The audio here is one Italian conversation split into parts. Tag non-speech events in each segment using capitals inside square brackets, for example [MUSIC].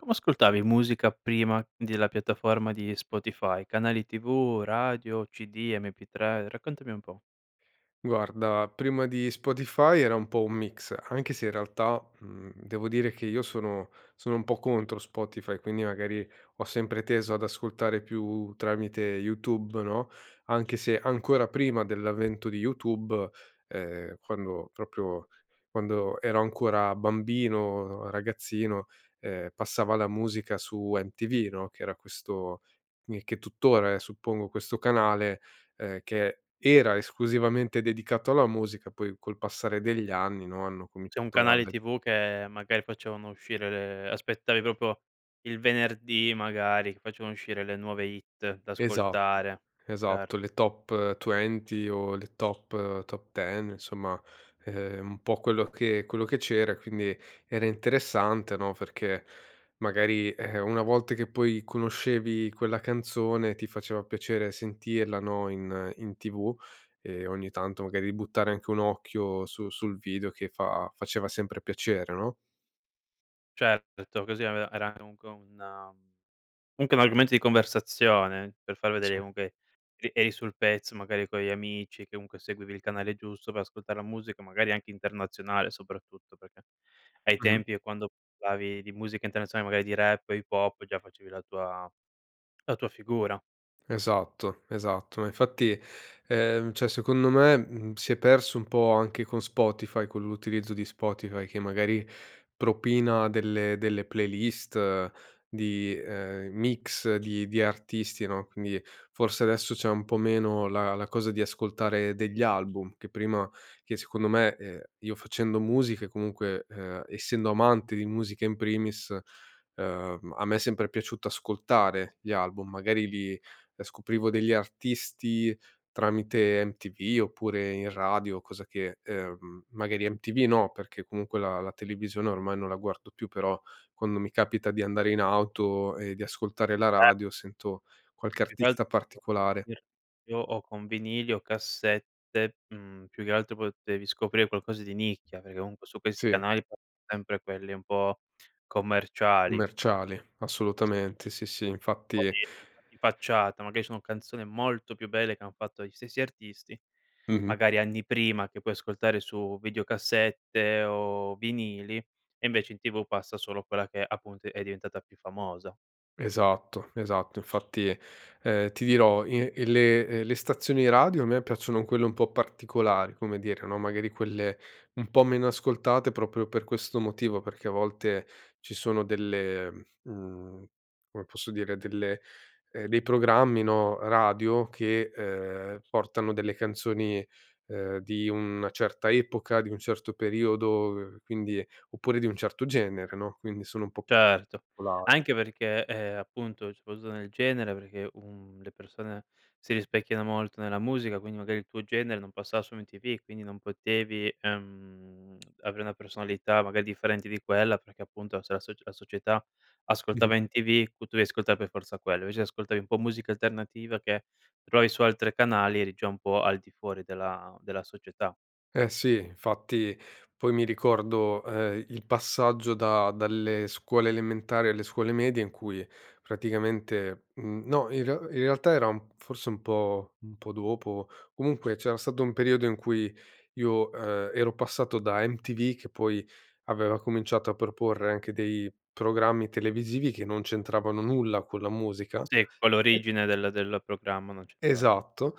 Come ascoltavi musica prima della piattaforma di Spotify: canali tv, radio, cd, mp3, raccontami un po'. Guarda prima di Spotify era un po' un mix anche se in realtà, mhmm, devo dire che io sono sono un po' contro Spotify, quindi magari ho sempre teso ad ascoltare più tramite Youtube, no. Anche se, ancora prima dell'avvento di Youtube, ehm, quando proprio quando ero ancora bambino, ragazzino, ehm, passava la musica su MTV, no, che era questo mi che tuttora è, suppongo, questo canale, ehm, che era esclusivamente dedicato alla musica poi col passare degli anni, no, hanno C'è un cominciato ad canale agg TV che magari facevano uscire le aspettavi proprio il venerdì, magari, che facevano uscire le nuove hit da Esatto, ascoltare. Cer esatto. Le Top 20 o le Top Top 10 insomma, ehm, un po' quello che quello che c'era e quindi era interessante, no, perché magari, ehm, una volta che poi conoscevi quella canzone ti faceva piacere sentirla, no, in in TV e ogni tanto magari buttare anche un occhio su sul video che fa faceva sempre piacere, no? Certo, così aveva era a comunque un comunque un argomento di conversazione per far Sì. vedere comunque che eri sul pezzo, magari con gli amici, che comunque seguivi il canale giusto per ascoltare la musica, magari, anche internazionale, soprattutto. Perché ai Mh-mh. tempi, ehm, quando parlavi di musica internazionale magari di rap o hip hop già facevi la tua la tua figura. Esatto, esatto. Ma, infatti, ehm, cioè secondo me, mhmm, si è perso un po' anche con Spotify, con l'utilizzo di Spotify, che magari propina delle delle playlist di ehm, mix di di artisti, no, quindi forse adesso c'è un po' meno la la cosa di ascoltare degli album che prima che secondo me, ehm, io facendo musica, comunque, ehm, essendo amante di musica in primis, ehm, a me è sempre piaciuto ascoltare gli album. Magari li ehm, scoprivo degli artisti tramite MTV, oppure in radio cosa che ehm, magari MTV no perché comunque la la televisione ormai non la guardo più, però quando mi capita di andare in auto e di ascoltare la Cer radio sento qualche Più che al artista particolare. [UNINTELLIGIBLE] io o con vinili o cassette, mhmm, più che altro potevi scoprire qualcosa di nicchia, perché comunque su questi Sì. canali [UNINTELLIGIBLE] sempre quelli un po' commerciali. Commerciali, Es assolutamente. Sì, sì Un pò infatti di di fa di facciata. Magari sono canzoni molto più belle che hanno fatto gli stessi artisti Mh-mh. magari anni prima che puoi ascoltare su videocassette o vinili, e invece in TV passa solo quella che, appunto, è diventata più famosa. Esatto, esatto. Infatti, ehm, ti dirò, in ehm, le ehm, le stazioni radio a me piacciono quelle un po' particolari, come dire, no, magari quelle un po' meno ascoltate proprio per questo motivo, perché a volte ci sono delle mhmm, come posso dire delle ehm, dei programmi, no, radio che, ehm, portano delle canzoni, ehm, di una certa epoca, di un certo periodo quindi oppure di un certo genere, no, quindi sono un po' Certo. popolari. Anche perché, ehm, appunto, c'è [UNINTELLIGIBLE] nel genere perché, uhm, le persone si rispecchiano molto nella musica, quindi magari il tuo genere non passava su MTV, quindi non potevi, ehm, avere una personalità, magari, differente di quella perché appunto se la soc la società Mh-mh. ascoltava MTV q tu devi ascoltare per forza quello, invece se ascoltavi un po' musica alternativa che trovavi su altre canali eri già un po' al di fuori della della società. Eh, sì. Infatti, poi mi ricordo, ehm, i il passaggio da dalle scuole elementari alle scuole medie in cui praticamente mhmm, no in re in realtà era un forse un po' un po' dopo, comunque c'era stato un periodo in cui io, ehm, ero passato da MTV che poi aveva cominciato a proporre anche dei programmi televisivi che non c'entravano nulla con la musica. Sì, con E l'origine del del programma non c'entrava nie Esatto,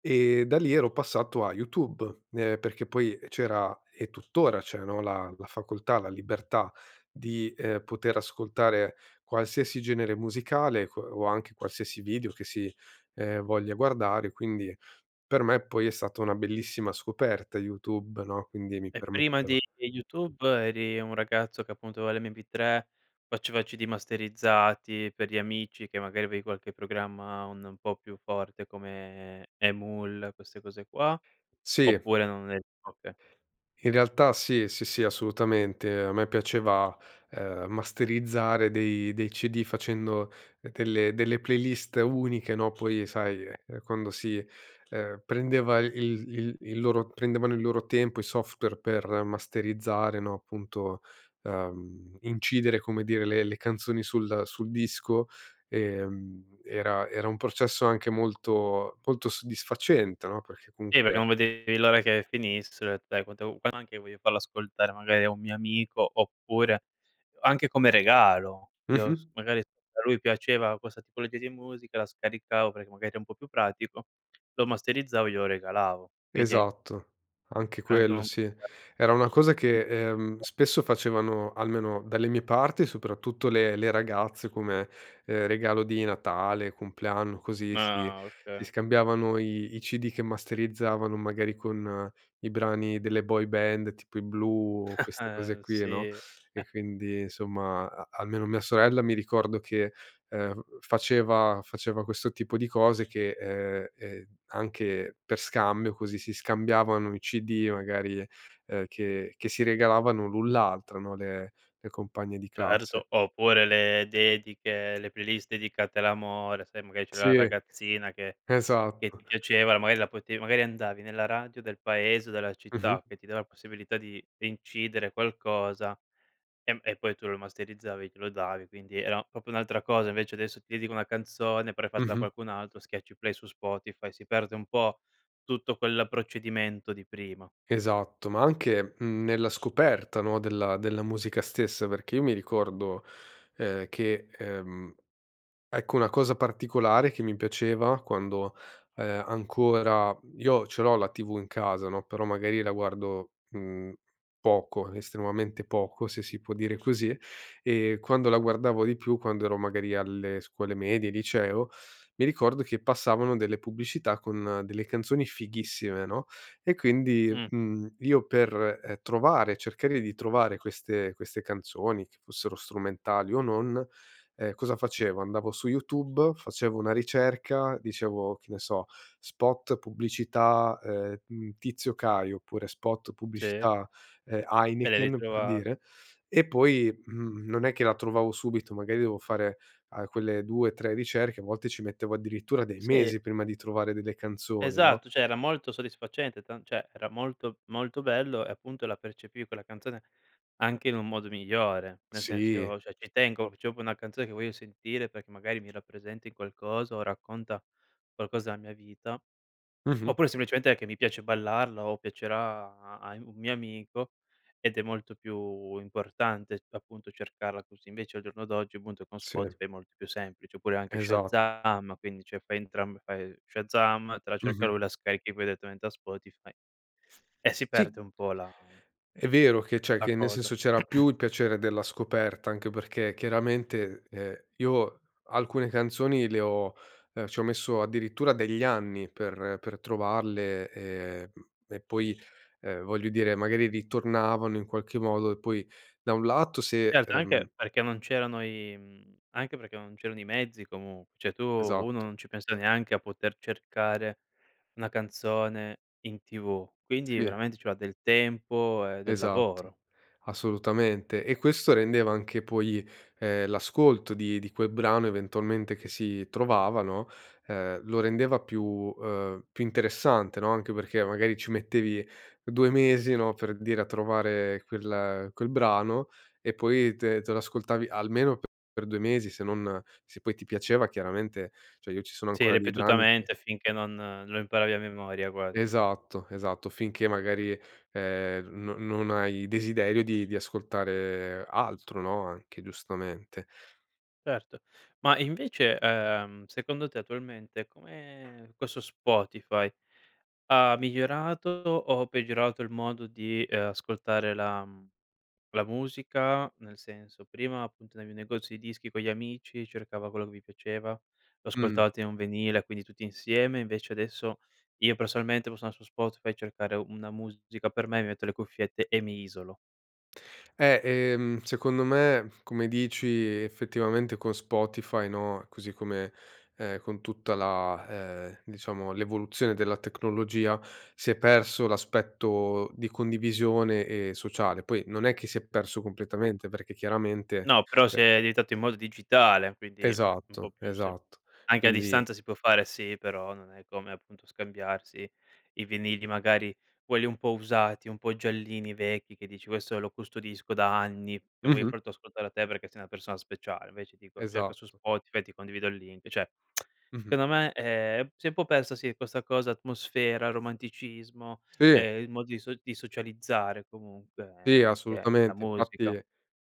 e da lì ero passato a YouTube. Ehm, perché poi c'era e tuttora c'è, no, la la facoltà, la libertà di, ehm, poter ascoltare qualsiasi genere musicale que o anche qualsiasi video che si, ehm, voglia guardare. Quindi per me poi è stata una bellissima scoperta YouTube, no, quindi mi E prima permetteva di YouTube eri un ragazzo che, appunto, aveva l'Mp3, faceva CD masterizzati per gli amici che magari avevi qualche programma un po' più forte come eMule queste cose qua, Sì. oppure non eri oka In realtà sì, sì, sì assolutamente. A me piaceva, ehm, masterizzare dei dei CD facendo ehm, delle delle playlist uniche, no, poi, ehm, sai, ehm, eh, quando si, ehm, prendeva il il il loro prendevano il loro tempo i software per masterizzare, no, appunto, ehm, incidere come dire le le canzoni sul sul disco, ehm, era era un processo anche molto, molto soddisfacente no. Perché Sì, perché comunque non vedevi l'ora che finisse. Sai quante u anche io voglio farla ascoltare magari a un mio amico, oppure, anche come regalo io Mh-mh. s magari a lui piaceva questa tipologia di musica la scaricavo, perché magari ero un po' più pratico, lo masterizzavo e glielo regalavo. Quindi an Esatto. Anche Era anche quello un sì. [UNINTELLIGIBLE] Era una cosa che, ehm, spesso facevano, almeno dalle mie parti, soprattutto le le ragazze come, ehm, regalo di Natale, compleanno, così si Ah, si oka scambiavano i i CD che masterizzavano magari con i brani delle boy band, tipo i Blue, o queste cose [CHUCKLES] qui, no. sì. E [CHUCKLES] quindi insomma a almeno mia sorella mi ricordo che, ehm, faceva faceva questo tipo di cose che ehm, e anche per scambio così, si scambiavano i CD magari, ehm, che che si regalavano l'un l'altra, no, le le compagne di classe. Certo. Oppure le dediche, le playlist dedicate all'amore, sai magari c'era la Sì, ragazzina che che esatto. ti [CHUCKLES] piaceva la magari la potevi magari andavi nella radio del paese, della Mh-mh. città che ti dava la possibilità di incidere qualcosa, ehm, e poi tu lo masterizzavi, glielo davi, quindi era proprio un'altra cosa. Invece adesso ti dedico una canzone, però è fatta da Mh-mh. qualcun altro, schiacci play su Spotify, si perde un po' tutto quel procedimento di prima. Esatto. Ma anche, mhmm, nella scoperta, no, della della musica stessa perché io mi ricordo, ehm, che, ehm, ecco una cosa particolare che mi piaceva quando, ehm, ancora io ce l'ho la TV in casa, no, però magari la guardo, mhmm, poco, estremamente poco se si può dire così. E quando la guardavo di più, quando ero magari alle scuole medie, liceo, mi ricordo che passavano delle pubblicità con delle canzoni fighissime, no, e quindi, Mh. mhmm, io per, ehm, trovare ehm, cercare di trovare queste queste canzoni che fossero strumentali o non, ehm, cosa facevo: andavo su YouTube, facevo una ricerca, dicevo che ne so: "Spot pubblicità, ehm, mhmm, Tizio Caio." Oppure: "Spot Sì. pubblicità, ehm, E le Heineken." Per ritrova dire. E poi, mhmm, non è che la trovavo subito, magari dovevo fare, uhm, quelle 2, 3 ricerche, a volte ci mettevo addirittura dei Sì. mesi prima di trovare delle canzoni, no? Esatto. Cioè, era molto soddisfacente tan cioè era molto, molto bello, e appunto la percepivi quella canzone anche in un modo migliore. Nel senso, Sì. io cioè ci tengo, c'ho proprio una canzone che voglio sentire perché magari mi rappresenti qualcosa o racconta qualcosa della mia vita. Mh-mh. Oppure, semplicemente, che mi piace ballarla o piacerà a in un mio amico ed è molto più importante appunto cercarla così. Invece al giorno d'oggi, appunto, con Sì. Spotify è molto più semplice, oppure anche Esat Shazam quindi cioè fai entrambe. Fai Shazam te la cerca Mh-mh. lui; la scarichi poi direttamente a Spotify, e si Sì. perde un po' la È vero che c'è la che nel cosa. senso c'era più [CLEARS THROAT] il piacere della scoperta anche perché, chiaramente, ehm, io alcune canzoni le ho ehm, ci ho messo addirittura degli anni per per trovarle e mhmm, e poi, ehm, voglio dire magari ritornavano in qualche modo e poi da un lato se, Certo, ehm anche perché non c'erano i mhmm, anche perché non c'erano i mezzi, comunque. Cioè tu uno Esatto. non ci pensa neanche a poter cercare una canzone in TV quindi Sì. veramente ci voleva del tempo e del Esatto. lavoro. Assolutamente. E questo rendeva anche poi, ehm, l'ascolto di di quel brano eventualmente che si trovava, no, ehm, lo rendeva più, uhm, più interessante, no. Anche perché magari ci mettevi 2 mesi, no, per dire a trovare quel quel brano e poi te te lo ascoltavi almeno per 2 mesi se non se poi ti piaceva chiaramente cioè io ci sono Sì, ancora dei brani che ripetutamente finché non non lo imparavi a memoria quasi. Esatto, esatto, finché magari, ehm, non non hai desiderio di di ascoltare altro, no, anche giustamente. Certo. Ma invece, uhm, secondo te attualmente come, questo Spotify, ha migliorato o peggiorato il modo di, ehm, ascoltare la mhmm, la musica; nel senso, prima appunto andavi negozi di dischi con gli amici, cercava quello che vi piaceva, lo Mh. ascoltavate in un vinile quindi tutti insieme invece adesso, io personalmente, posso andar su Spotify e cercare una musica per me mi metto le cuffiette e mi isolo. Eh, ehm, secondo me come dici effettivamente con Spotify, no, così come è con tutta la ehm, diciamo l'evoluzione della tecnologia, si è perso l'aspetto di condivisione e sociale. Poi non è che si è perso completamente, perché chiaramente, No, però ehm se è editato in modo digitale quindi, mhmm, un po' Esatto, più se esatto, anche a quindi distanza si può fare sì, però non è come appunto scambiarsi i vinili, magari quelli un po' usati, un po' giallini, vecchi che dici: "Questo lo custodisco da anni e voglio Mh-mh. fartelo ascoltare a te perché sei una persona speciale." Invece ti dico: "Cerca su Esatto. Spotify." Ti condivido il link, cioè [TSK] Mh-mh. secondo me, ehm, s'è un po' persa, sì, questa cosa, atmosfera, romanticismo, Sì. ehm, il modo di so di socializzare comunque e Sì anche la assolutamente musica. infatti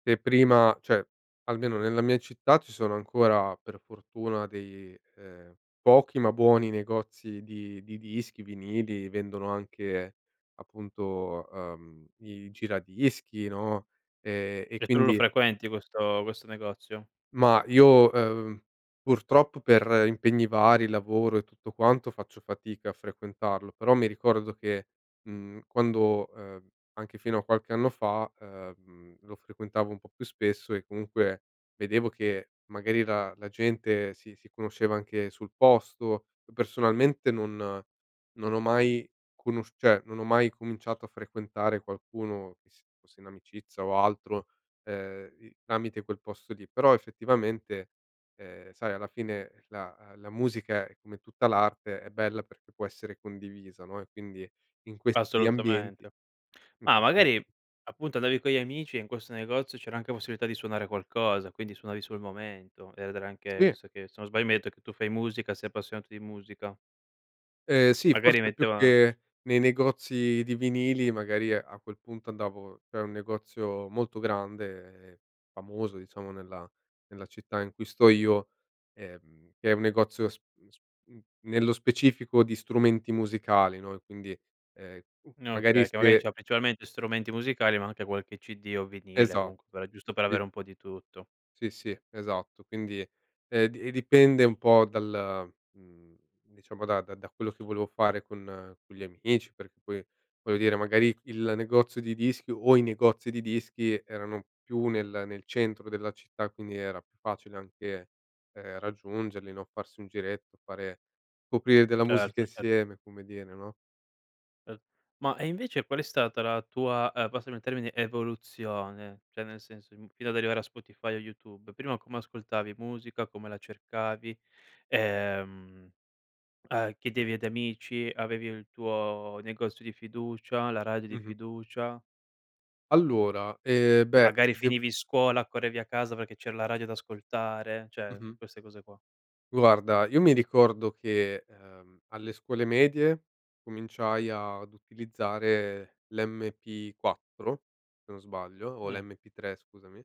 se prima cioè almeno nella mia città ci sono ancora, per fortuna, dei, ehm, pochi ma buoni negozi di di dischi, vinili, vendono anche appunto, uhm, i giradischi, no, ehm, e Cioè tu non lo quindi frequenti, questo questo negozio? Ma io, ehm, purtroppo per impegni vari, lavoro e tutto quanto, faccio fatica a frequentarlo, però mi ricordo che, mhmm, quando ehm, anche fino a qualche anno fa, ehm, lo frequentavo un po' più spesso e comunque vedevo che magari la la gente si si conosceva anche sul posto; uhm, personalmente non non ho mai conosciu cioè, non ho mai cominciato a frequentare qualcuno che si fosse in amicizia o altro, ehm, i tramite quel posto lì, però effettivamente, ehm, sai alla fine la la musica, è come tutta l'arte, è bella perché può essere condivisa, no, e quindi in questi ambienti. Assolutamente. Ma magari [UNINTELLIGIBLE] appunto andavi con gli amici e in questo negozio c'era anche possibilità di suonare qualcosa, quindi suonavi sul momento ed era anche Sì. visto che, se non sbaglio, mi hai detto che tu fai musica, sei appassionato di musica. Ehm, sì Magari forse più metteva che nei negozi di vinili magari a quel punto andavo c'é un negozio molto grande e famoso, diciamo, nella nella città in cui sto io, ehm, che è un negozio s mhmm, s mhmm, nello specifico di strumenti musicali, no, e quindi, ehm, m N magari okay che magari se c'ha principalmente strumenti musicali ma anche qualche CD o vinile Esa comunque, però, giusto per sì. avere un po' di tutto. Sì, sì esatto quindi, ehm, di e dipende un po' dal mhmm, diciamo da da da quello che volevo fare con con gli amici perché poi, voglio dire, magari il negozio di dischi o i negozi di dischi erano più nel nel centro della città, quindi era più facile anche, ehm, raggiungerli, no, farsi un giretto fare scoprire della musica Certo, cer insieme come dire, no? Ma e invece qual è stata la tua, uhm, passami il termine, evoluzione? Cioè, nel senso, im fino ad arrivare a Spotify o YouTube. Prima come ascoltavi musica, come la cercavi? Ehm, uhm, chiedevi ad amici? Avevi il tuo negozio di fiducia? La radio di Mh-mh. fiducia? Allora, ehm, beh, Magari dev finivi scuola, correvi a casa perché c'era la radio da ascoltare, cioè, mhmm, Mh-mh. queste cose qua. Guarda io mi ricordo che, ehm, alle scuole medie cominciai ad utilizzare l'MP4 se non sbaglio, o Mh. l'MP3 scusami,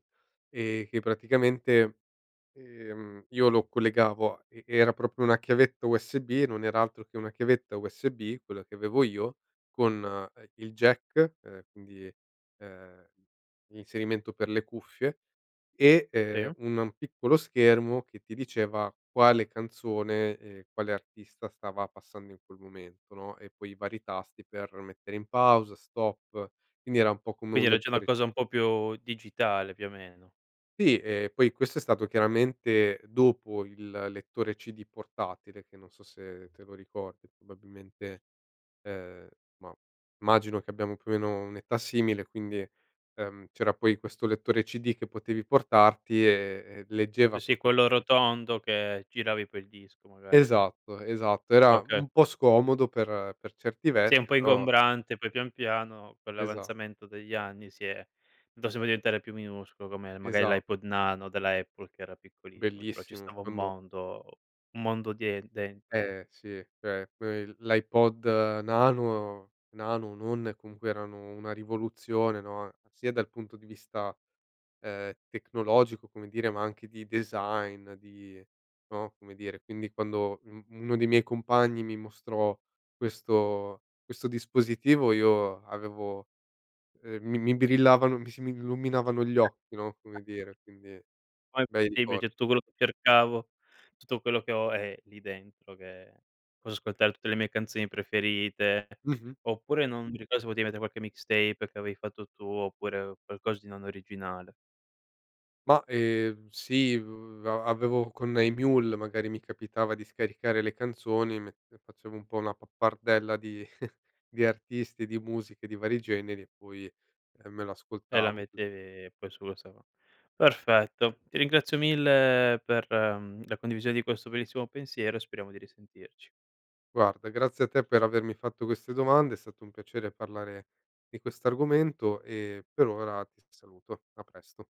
ehm, che praticamente, ehm, io lo collegavo a e era proprio una chiavetta USB e non era altro che una chiavetta USB quella che avevo io, con, ehm, il jack e quindi, ehm, l'inserimento per le cuffie e, Sì. ehm, un un piccolo schermo che ti diceva quale canzone e quale artista stava passando in quel momento, no, e poi i vari tasti per mettere in pausa, stop, quindi era un po' come un Quindi era già una lettore cosa un po' più digitale, più o meno. Sì e poi questo è stato chiaramente dopo il lettore CD portatile, che non so se te lo ricordi probabilmente ehm, ma immagino che abbiamo più o meno un'età simile quindi, ehm, c'era poi questo lettore CD che potevi portarti e leggeva Sì, sì, proprio quello [UNINTELLIGIBLE] rotondo che giravi poi il disco, magari. Esatto, esatto era Oka un po' scomodo per per certi Sì è un versi po' però ingombrante, poi pian piano, con Esa l'avanzamento degli anni, si è [UNINTELLIGIBLE] diventare più minuscolo come magari Esa l'iPod nano della Apple, che era piccolissimo, [UNINTELLIGIBLE] però ci Bellissimo stava un quando mondo un mondo dien dentro. Eh, sì cioè que il l'iPod nano nano o non, comunque erano una rivoluzione, no, sia dal punto di vista, ehm, tecnologico come dire ma anche di design, di no, come dire quindi quando un uno dei miei compagni mi mostrò questo questo dispositivo io avevo ehm, mi mi brillavano mi si m illuminavano gli occhi, no, come dire, quindi Qua è bei possibile, ricor cioè, tutto quello che cercavo, tutto quello che ho è lì dentro, che posso ascoltare tutte le mie canzoni preferite Mh-mh. oppure, non mi ricordo, se potevi mettere qualche mixtape che avevi fatto tu, oppure qualcosa di non originale. Ma ehm, sì v a avevo con eMule magari mi capitava di scaricare le canzoni mentre facevo un po' una pappardella di [CHUCKLES] di artisti, di musiche, di vari generi e poi, ehm, me lo E la ascoltavo così. mettevi poi su questa qua. Perfetto. Ti ringrazio mille per, mhmm, la condivisione di questo bellissimo pensiero e speriamo di risentirci. Guarda grazie a te per avermi fatto queste domande. È stato un piacere parlare di questo argomento e, per ora, ti saluto. A presto.